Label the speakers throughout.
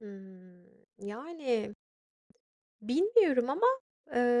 Speaker 1: Hımm, yani, bilmiyorum ama,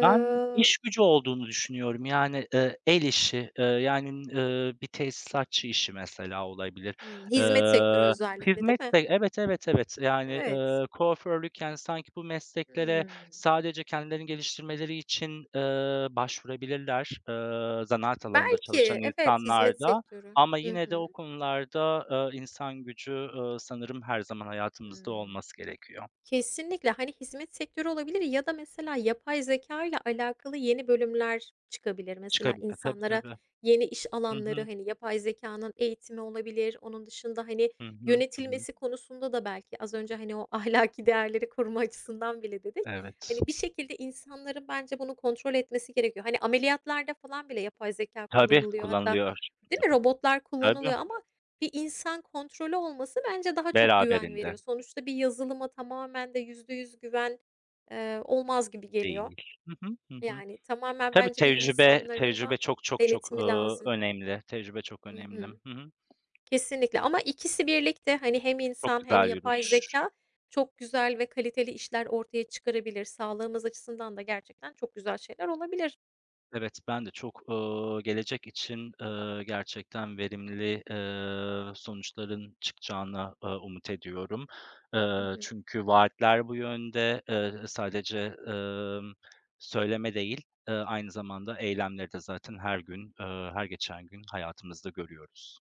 Speaker 2: Ben iş gücü olduğunu düşünüyorum yani, eee, el işi, eee, yani, eee, bir tesisatçı işi mesela olabilir.
Speaker 1: Hımm. Hizmet sektörü
Speaker 2: Eee,
Speaker 1: özellikle, değil
Speaker 2: hizmet
Speaker 1: mi?
Speaker 2: sek evet, evet, evet yani,
Speaker 1: Evet.
Speaker 2: eee, kuaförlük, yani, sanki bu mesleklere
Speaker 1: Hımm.
Speaker 2: sadece kendilerini geliştirmeleri için, eee, başvurabilirler, eee, zanaat alanında
Speaker 1: Belki,
Speaker 2: çalışan
Speaker 1: evet,
Speaker 2: insanlar
Speaker 1: hizmet
Speaker 2: da
Speaker 1: sektörü.
Speaker 2: ama
Speaker 1: Hı
Speaker 2: yine de o
Speaker 1: hı.
Speaker 2: konularda, eee, insan gücü, eee, sanırım her zaman hayatımızda
Speaker 1: Hımm.
Speaker 2: olması gerekiyor.
Speaker 1: Kesinlikle. Hani, hizmet sektörü olabilir ya da mesela yapay zekâyla alakalı yeni bölümler çıkabilir. Mesela
Speaker 2: Çıkabilir. Tabii,
Speaker 1: insanlara
Speaker 2: tabii.
Speaker 1: yeni iş alanları,
Speaker 2: Hıhı.
Speaker 1: hani, yapay zekânın eğitimi olabilir. Onun dışında, hani,
Speaker 2: Hı hı. Hı hı.
Speaker 1: yönetilmesi konusunda da belki az önce, hani, o ahlaki değerleri koruma açısından bile dedik,
Speaker 2: Evet.
Speaker 1: hani, bir şekilde insanların bence bunu kontrol etmesi gerekiyor. Hani, ameliyatlarda falan bile yapay zekâ
Speaker 2: Tabii,
Speaker 1: kullanılıyor hatta,
Speaker 2: kullanılıyor,
Speaker 1: değil
Speaker 2: değil
Speaker 1: mi?
Speaker 2: mi?
Speaker 1: Robotlar
Speaker 2: Tabii.
Speaker 1: kullanılıyor ama bir insan kontrolü olması bence daha çok güven
Speaker 2: Beraberinde.
Speaker 1: veriyor. Sonuçta bir yazılıma tamamen de %100 güven, eee, olmaz gibi geliyor.
Speaker 2: Değil. Hı hı, hı hı.
Speaker 1: Yani, tamamen
Speaker 2: Tabii
Speaker 1: bence bir
Speaker 2: tecrübe
Speaker 1: insanların da
Speaker 2: tecrübe çok, çok, çok, eee,
Speaker 1: denetimi lazım.
Speaker 2: önemli. Tecrübe çok
Speaker 1: Hı
Speaker 2: önemli.
Speaker 1: hı,
Speaker 2: Hı hı.
Speaker 1: kesinlikle ama ikisi birlikte, hani, hem
Speaker 2: Çok
Speaker 1: insan hem
Speaker 2: güzel
Speaker 1: yapay
Speaker 2: yürür.
Speaker 1: zekâ çok güzel ve kaliteli işler ortaya çıkarabilir. Sağlığımız açısından da gerçekten çok güzel şeyler olabilir.
Speaker 2: Evet, ben de çok, eee, gelecek için, eee, gerçekten verimli, eee, sonuçların çıkacağına, eee, umut ediyorum.
Speaker 1: Hı
Speaker 2: Eee,
Speaker 1: hı.
Speaker 2: çünkü vaatler bu yönde. Eee, sadece, emm, söyleme değil, eee, aynı zamanda eylemleri de zaten her gün, eee, her geçen gün hayatımızda görüyoruz.